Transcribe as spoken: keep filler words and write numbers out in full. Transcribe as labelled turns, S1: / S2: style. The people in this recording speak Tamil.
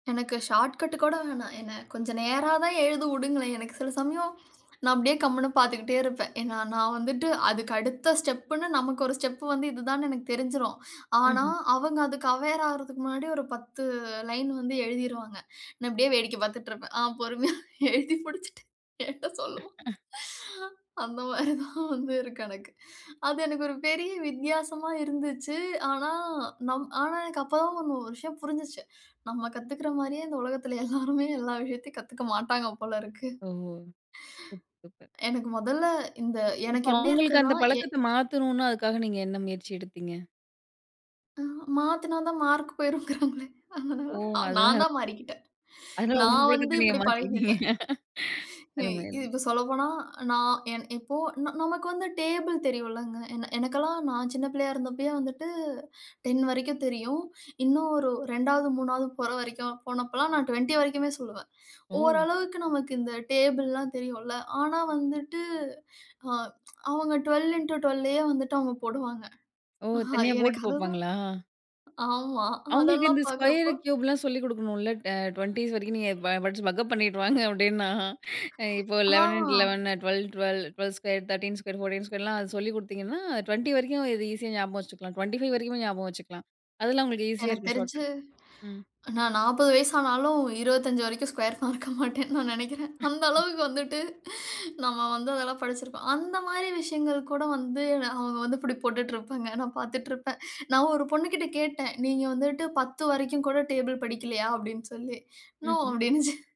S1: எனக்கு ஷார்ட்கட் கூட வேணாம். என்ன கொஞ்சம் நேரா தான் எழுத விடுங்களேன். எனக்கு சில சமயம் நான் அப்டியே கம்முனு பாத்துக்கிட்டே இருப்பேன். ஏன்னா நான் வந்துட்டு அதுக்கு அடுத்த ஸ்டெப்புன்னு, நமக்கு ஒரு ஸ்டெப் வந்து இதுதான்னு எனக்கு தெரிஞ்சிடும். ஆனா,
S2: ம்ஹ்ம்.
S1: அவங்க அதுக்கு அவேர் ஆகுறதுக்கு முன்னாடி ஒரு பத்து லைன் வந்து எழுதிருவாங்க. நான் அப்டியே வேடிக்கை பாத்துட்டு இருப்பேன். ஆ பொறுமையா எழுதி முடிச்சிட்டு என்கிட்ட சொல்லுவான். அந்த மாதிரி தான் வந்து இருக்கு எனக்கு. அது எனக்கு ஒரு பெரிய வித்தியாசமா இருந்துச்சு. ஆனா நம் ஆனா எனக்கு அப்போ தான் ஒரு விஷயம் புரிஞ்சுச்சு. நம்ம கத்துக்கிற மாரியே இந்த உலகத்தில எல்லாருமே எல்லா விஷயத்தையும் கத்துக்க மாட்டாங்க போலருக்கு.
S2: ஓ! Super, super.
S1: எனக்கு மொதல்ல இந்த எனக்கு
S2: இப்போ
S1: எப்டி
S2: அவங்களுக்கு
S1: இருக்குன்னா
S2: அந்த
S1: ஏ
S2: பழக்கத்த மாத்தன்னுன்னா அதுக்காக நீங்க என்ன முயற்சி எடுத்தீங்க?
S1: அ மாத்துனா தான் மார்க் போய்ரும்ன்கிறாங்களே. அதனால
S2: ஓ!
S1: நான்
S2: அதுனால.
S1: தான் மாறிக்கிட்டேன்.
S2: அதனால உங்க
S1: நான் வந்து
S2: பழக்கத்த நீங்க
S1: இப்டி பழகிட்டேன்.
S2: மாத்திக்கிட்டீங்க
S1: எ
S2: அருமை அருமை.
S1: இப்போ சொல்லப்போனா நான் இப்போ நமக்கு வந்து டேபிள் தெரியும்ல்லங்க. என் எனக்கெல்லாம் நான் சின்ன பிள்ளையா இருந்தபோதே வந்துட்டு டேன் வரைக்கும் தெரியும். இன்னும் ஒரு ரெண்டாவது, மூணாவது போற வரைக்கும் போனப்போ எல்லாம் நான் டுவென்டி வரைக்குமே சொல்லுவேன்.
S2: ஓ!
S1: ஓரளவுக்கு நமக்கு இந்த டேபிள்லாம் தெரியும்ல்ல. ஆனா வந்துட்டு அ அவங்க ட்வெல்வ் இன்ட்டு ட்வெல்வ்ல்லே வந்துட்டு அவங்க போடுவாங்க.
S2: ஓ! தனியா
S1: எனக்கு
S2: போட்டு
S1: அதுதான்.
S2: பாப்பாங்களா?
S1: ஆமா
S2: அவுங்களுக்கு
S1: அதெல்லாம்
S2: இந்த ஸ்கொயர்
S1: பாக்கறப்போ.
S2: கியூப்லாம் சொல்லிக் கொடுக்கணும்ல டுவென்டிஸ் வரைக்கும். நீங்க படிச்சு பக்கப் பண்ணிட்டு வாங்க அப்படின்னா, இப்போ
S1: ஆ.
S2: Eleven into eleven twelve, twelve, twelve square, thirteen, fourteen ஸ்கொயர்லாம் சொல்லிக் கொடுத்தீங்கன்னா டுவென்டி வரைக்கும் இதை ஈஸியா ஞாபகம் வச்சுக்கலாம். டுவென்டி ஃபைவ் வரைக்கும் ஞாபகம் வச்சுக்கலாம். அதெல்லாம் உங்களுக்கு ஈஸியா
S1: எனக்கு
S2: இருக்கும் ஷார்ட்
S1: தெரிஞ்சு
S2: கட்ஸ் ம்.
S1: நான் நாற்பது வயசு ஆனாலும், இருபத்தஞ்சி வரைக்கும் ஸ்க்யர் மறக்க மாட்டேன்னு நான் நினைக்குறேன். அந்த அளவுக்கு வந்துட்டு நம்ம வந்து அதெல்லாம் படிச்சிருப்போம். அந்த மாதிரி விஷயங்கள் கூட வந்து அவங்க வந்து இப்படி போட்டுட்டு இருப்பாங்க. நான் பாத்துட்டு இருப்பேன். நான் ஒரு பொண்ணுகிட்ட கேட்டேன். "நீங்க வந்துட்டு பத்து வரைக்கும் கூட டேபிள் படிக்கலையா?" அப்டின்னு சொல்லி, "நோ"
S2: ம்ஹ்ம்.
S1: அப்படின்னுச்சு.